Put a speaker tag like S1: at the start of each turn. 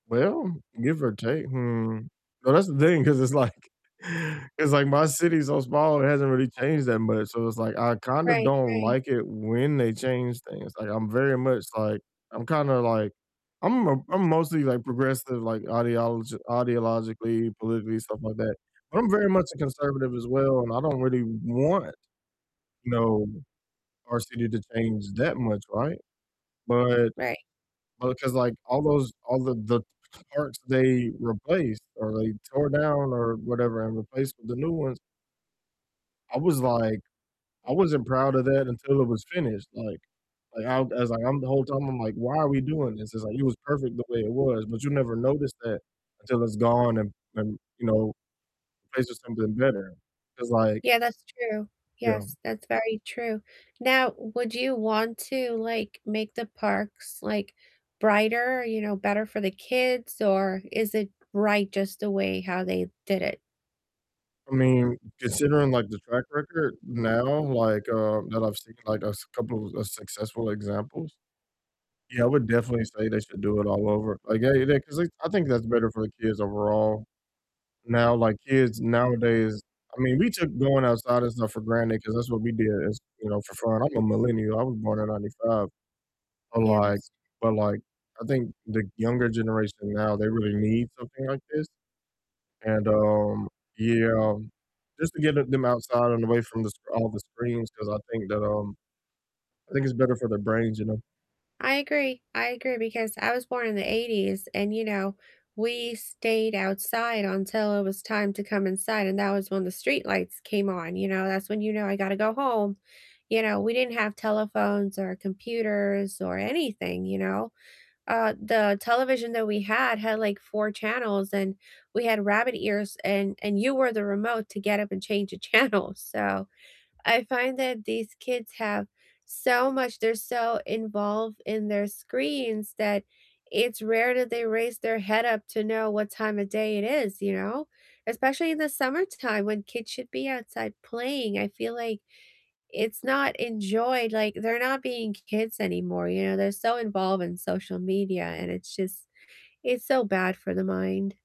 S1: Well, give or take hmm, well, that's the thing 'cause it's, like it's, like my city's so small it hasn't really changed that much, so, it's, like, I kinda
S2: Right,
S1: don't
S2: right.
S1: like it when they change things, like, I'm very much, like I'm kinda, like I'm m I'm mostly, like, progressive, like, ideolog ideologically, politically, stuff like that, but I'm very much a conservative as well and I don't really want, you know, our city to change that much, right? But
S2: Right.
S1: but 'cause, like, all those all the the parts they replaced or they tore down or whatever and replaced with the new ones I was like I wasn't proud of that until it was finished, like like I I was like, I'm the whole time I'm like, "Why are we doing this?" It's, like, it was perfect the way it was, but you never notice that until it's gone and and, you know, replaced with something better 'cause like
S2: Yeah, that's true,
S1: you know?
S2: yes, that's very true, now, would you want to, like, make the parks, like, brighter, you know, better for the kids? Or is it right just the way how they did it?
S1: I mean, considering, like, the track record now, like, um, that I've seen, like, a couple of successful examples, yeah, I would definitely say they should do it all over, like, yeah yeah, 'cause they I think that's better for the kids overall. Now, like, kids nowadays, I mean we took going outside and stuff for granted 'cause that's what we did as you know, for fun, I'm a millennial, I was born in '95. But
S2: Yeah,
S1: like
S2: that's
S1: but like I think the younger generation now they really need something like this, and, um, yeah, just to get them them outside and away from the scr all the screens 'cause I think that, um I think it's better for their brains, you know?
S2: I agree, I agree because I was born in the '80s, and, you know, we stayed outside until it was time to come inside, and that was when the streetlights came on, you know, that's when you know, "I gotta go home," you know, we didn't have telephones or computers or anything, you know? Uh, the television that we had had, like, 4 channels and we had rabbit ears and and you were the remote to get up and change the channel, so I find that these kids have so much, they're so involved in their screens that it's rare that they raise their head up to know what time of day it is, you know? Especially in the summertime when kids should be outside playing, I feel like it's not enjoyed, like, they're not being k kids anymore, you know, they're so involved in social media and it's just it's so bad for the mind.